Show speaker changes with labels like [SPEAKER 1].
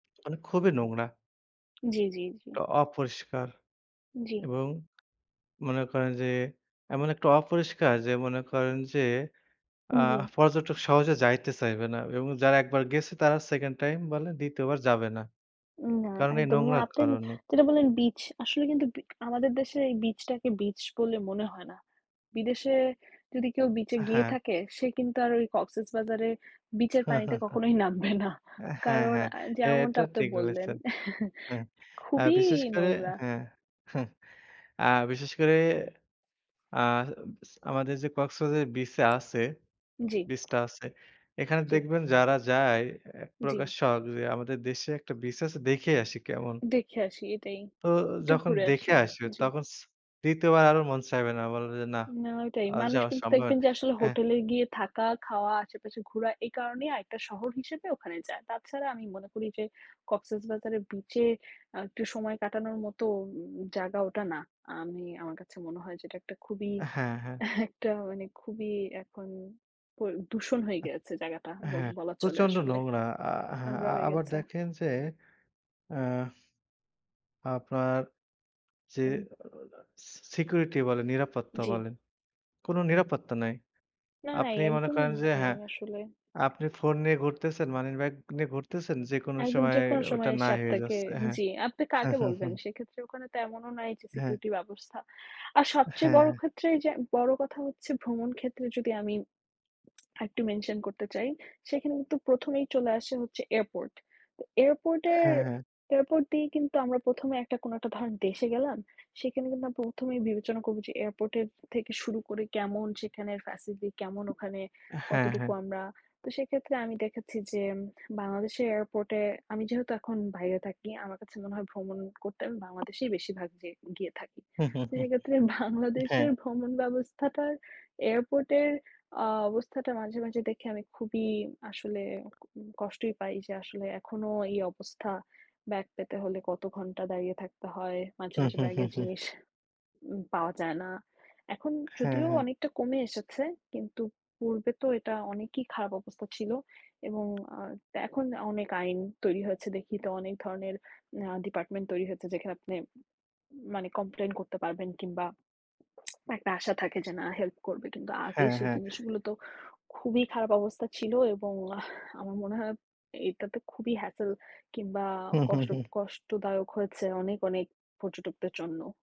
[SPEAKER 1] মানে খুবই নোংরা।
[SPEAKER 2] জ্বী, জ্বী, জ্বী।
[SPEAKER 1] টা অপরিষ্কার।
[SPEAKER 2] জি।
[SPEAKER 1] এবং মনে করেন যে এমন একটা অপরিষ্কার যে মনে করেন যে আ
[SPEAKER 2] উম জি। [unintelligible]
[SPEAKER 1] পর্যটক সহজে যাইতে চাইবে না। এবং যারা একবার গেছে তারা 2nd টাইম বলেন ২য় বার যাবে না।
[SPEAKER 2] উম না
[SPEAKER 1] কারণ এই
[SPEAKER 2] একদম। না,
[SPEAKER 1] নোংরার
[SPEAKER 2] আপনি
[SPEAKER 1] কারণে।
[SPEAKER 2] যেটা বললেন বিচ, আসলে কিন্তু বি আমাদের দেশে এই বিচটাকে বিচ বলে মনে হয় না। বিদেশে যদি কেউ বিচে
[SPEAKER 1] আ
[SPEAKER 2] গিয়ে
[SPEAKER 1] হ্যাঁ।
[SPEAKER 2] থাকে সে কিন্তু আর ওই কক্সেসবাজারে বিচের পানিতে কখনোই নামবে না।
[SPEAKER 1] অ্যা হ্যাঁ,
[SPEAKER 2] কারণ
[SPEAKER 1] হ্যাঁ,
[SPEAKER 2] আ
[SPEAKER 1] এ
[SPEAKER 2] যেমনটা
[SPEAKER 1] এটা
[SPEAKER 2] আপনি
[SPEAKER 1] ঠিক
[SPEAKER 2] বললেন
[SPEAKER 1] বলেছেন। হ্যাঁ। আর
[SPEAKER 2] খুবই
[SPEAKER 1] বিশেষ করে
[SPEAKER 2] নোংরা।
[SPEAKER 1] হ্যাঁ, আ বিশেষ করে আ উচ আমাদের যে কক্সবাজারে বিচে আছে
[SPEAKER 2] জি।
[SPEAKER 1] বিচটা আছে। এখানে
[SPEAKER 2] জি।
[SPEAKER 1] দেখবেন যারা যায়, এক প্রকার
[SPEAKER 2] জ্বী।
[SPEAKER 1] শখ যে, "আমাদের দেশে একটা বিচ আছে, দেখেই আসি কেমন?"
[SPEAKER 2] দেখে আসি। এটাই।
[SPEAKER 1] তো
[SPEAKER 2] একটু
[SPEAKER 1] যখন
[SPEAKER 2] ঘুরে আসি।
[SPEAKER 1] দেখে আসবে
[SPEAKER 2] জি।
[SPEAKER 1] তখন স ২য় বার আরও মন চাইবে না। বলবে যে, "না,
[SPEAKER 2] না, ওটাই।
[SPEAKER 1] আর
[SPEAKER 2] মানুষ
[SPEAKER 1] যাওয়া
[SPEAKER 2] কিন্তু
[SPEAKER 1] সম্ভব
[SPEAKER 2] দেখবেন
[SPEAKER 1] না।"
[SPEAKER 2] যে আসলে
[SPEAKER 1] হ্যাঁ।
[SPEAKER 2] হোটেলে গিয়ে থাকা, খাওয়া, আশেপাশে ঘোরা এই কারণেই আরেকটা শহর হিসেবে ওখানে যায়। তাছাড়া আমি মনে করি যে কক্সেসবাজারে বিচে আ একটু সময় কাটানোর মতো উ জায়গা ওটা না। আমি আমার কাছে মনে হয় যে এটা একটা খুবই
[SPEAKER 1] হ্যাঁ, হ্যাঁ।
[SPEAKER 2] একটা মানে খুবই এখন প দূষণ হয়ে গেছে জায়গাটা
[SPEAKER 1] আ
[SPEAKER 2] বল
[SPEAKER 1] হ্যাঁ,
[SPEAKER 2] বলা চলে
[SPEAKER 1] প্রচন্ড
[SPEAKER 2] আসলে।
[SPEAKER 1] নোংরা। আ হ্যাঁ,
[SPEAKER 2] নোংরা
[SPEAKER 1] আ
[SPEAKER 2] হয়ে
[SPEAKER 1] আবার
[SPEAKER 2] গেছে।
[SPEAKER 1] দেখেন যে অ্যা আপনার যে
[SPEAKER 2] হুম।
[SPEAKER 1] অ সি সিকিউরিটি বলেন, নিরাপত্তা
[SPEAKER 2] জ্বী।
[SPEAKER 1] বলেন। কোন নিরাপত্তা নাই।
[SPEAKER 2] না নাই।
[SPEAKER 1] আপনি মনে
[SPEAKER 2] একদমই
[SPEAKER 1] করেন যে
[SPEAKER 2] নাই
[SPEAKER 1] হ্যাঁ,
[SPEAKER 2] আসলে।
[SPEAKER 1] আপনি ফোন নিয়ে ঘুরতেছেন, মানিব্যাগ নিয়ে ঘুরতেছেন, যেকোন
[SPEAKER 2] একদম
[SPEAKER 1] সময়
[SPEAKER 2] যেকোনো
[SPEAKER 1] ওটা
[SPEAKER 2] সময় এসে
[SPEAKER 1] নাই হয়ে
[SPEAKER 2] আপনাকে
[SPEAKER 1] যাচ্ছে। হ্যাঁ।
[SPEAKER 2] জি, আপনি কাকে বলবেন? সেক্ষেত্রে ওখানে তেমনও নাই যে
[SPEAKER 1] হ্যাঁ।
[SPEAKER 2] সিকিউরিটি ব্যবস্থা। আর সবচেয়ে
[SPEAKER 1] হ্যাঁ,
[SPEAKER 2] বড়
[SPEAKER 1] হ্যাঁ।
[SPEAKER 2] ক্ষেত্রে এইযে বড় কথা হচ্ছে ভ্রমণ ক্ষেত্রে যদি আমি আরেকটু mention করতে চাই। সেখানে কিন্তু ১ম এই চলে আসে হচ্ছে এয়ারপোর্ট। তো এয়ারপোর্টে
[SPEAKER 1] হ্যাঁ, হ্যাঁ।
[SPEAKER 2] এয়ারপোর্ট দিয়েই কিন্তু আমরা ১ম এ একটা কোন একটা ধরেন দেশে গেলাম। সেখানে কিন্তু আমরা ১ম এই বিবেচনা করবো যে এয়ারপোর্টের থেকে শুরু করে কেমন, সেখানের facility কেমন? ওখানে
[SPEAKER 1] হ্যাঁ,
[SPEAKER 2] কতটুকু
[SPEAKER 1] হ্যাঁ।
[SPEAKER 2] আমরা তো সেক্ষেত্রে আমি দেখেছি যে বাংলাদেশের এয়ারপোর্টে আমি যেহেতু এখন বাইরে থাকি। আমার কাছে মনে হয় ভ্রমণ করতে আমি বাংলাদেশেই বেশিরভাগ যে গিয়ে থাকি। তো সেক্ষেত্রে
[SPEAKER 1] হ্যাঁ।
[SPEAKER 2] বাংলাদেশের ভ্রমণ ব্যবস্থাটার এয়ারপোর্টের আ অবস্থাটা মাঝে, মাঝে দেখে আমি খুবই আসলে উম কষ্টই পাই। যে আসলে এখনো এই অবস্থা। ব্যাগ পেতে হলে কত ঘন্টা দাঁড়িয়ে থাকতে হয়, মাঝে,
[SPEAKER 1] হু,
[SPEAKER 2] মাঝে
[SPEAKER 1] হু, হু,
[SPEAKER 2] ব্যাগের
[SPEAKER 1] হু।
[SPEAKER 2] জিনিস উম পাওয়া যায় না। এখন
[SPEAKER 1] হ্যাঁ,
[SPEAKER 2] যদিও
[SPEAKER 1] হ্যাঁ।
[SPEAKER 2] অনেকটা কমে এসেছে। কিন্তু পূর্বে তো এটা অনেকই খারাপ অবস্থা ছিল। এবং আ এখন অনেক আইন তৈরি হয়েছে। দেখি তো অনেক ধরনের আ ডিপার্টমেন্ট তৈরি হয়েছে। যেখানে আপনি মানে complain করতে পারবেন কিংবা একটা আশা থাকে যে, "না, হেল্প করবে।" কিন্তু আগে
[SPEAKER 1] হ্যাঁ,
[SPEAKER 2] সেই
[SPEAKER 1] হ্যাঁ।
[SPEAKER 2] জিনিসগুলো তো খুবই খারাপ অবস্থা ছিল এবং আহ আমার মনে হয় এইটাতে খুবই hassel কিংবা
[SPEAKER 1] হু, হু,
[SPEAKER 2] কষ্ট
[SPEAKER 1] হু।
[SPEAKER 2] কষ্টদায়ক হয়েছে অনেক অনেক পর্যটকদের জন্য।